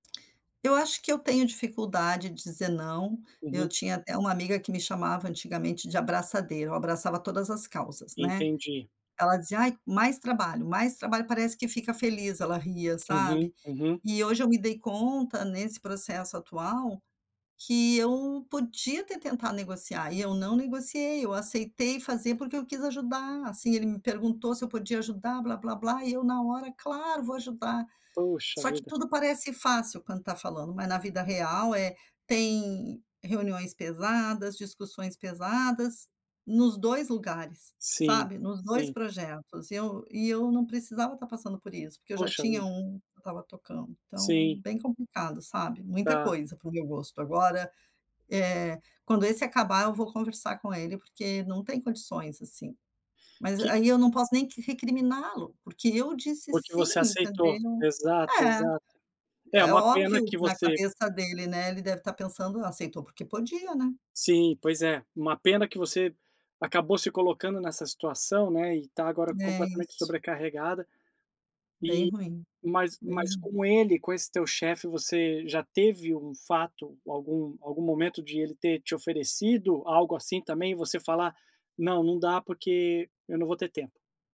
Eu acho que eu tenho dificuldade de dizer "não", eu Uhum. tinha até uma amiga que me chamava antigamente de "abraçadeira", eu abraçava todas as causas, né. Entendi. Ela dizia: "Ai, mais trabalho, mais trabalho parece que fica feliz", ela ria, Uhum, sabe. uhum. E hoje eu me dei conta nesse processo atual, que eu podia até tentar negociar e eu não negociei, eu aceitei fazer porque eu quis ajudar, assim, ele me perguntou se eu podia ajudar, blá blá blá e eu, na hora: "Claro vou ajudar.". Puxa Só que vida. tudo parece fácil quando tá falando, mas na vida real é tem reuniões pesadas, discussões pesadas, nos 2 lugares, Sim, sabe? Nos 2 sim. projetos, e eu e eu não precisava tá passando por isso, porque eu já Poxa tinha vida. 1 que eu estava tocando, então Sim. bem complicado sabe. Muita Tá. coisa pro meu gosto, agora, eh, quando esse acabar eu vou conversar com ele, porque não tem condições, assim, mas Que aí eu não posso nem que recriminá-lo, porque eu disse Porque você "sim" aceitou. entendeu. Exato, É. exato. É, É uma pena óbvio, que na você cabeça dele, né, ele deve estar pensando: "Aceitou porque podia", né. Sim, pois é, uma pena que você acabou se colocando nessa situação, né, e tá agora É completamente isso. sobrecarregada. Bem Eh, ruim, mas bem mas ruim. com ele, com esse teu chefe, você já teve um fato, algum algum momento de ele ter te oferecido algo assim também, você falar: "Não, não dá porque eu não vou ter tempo.".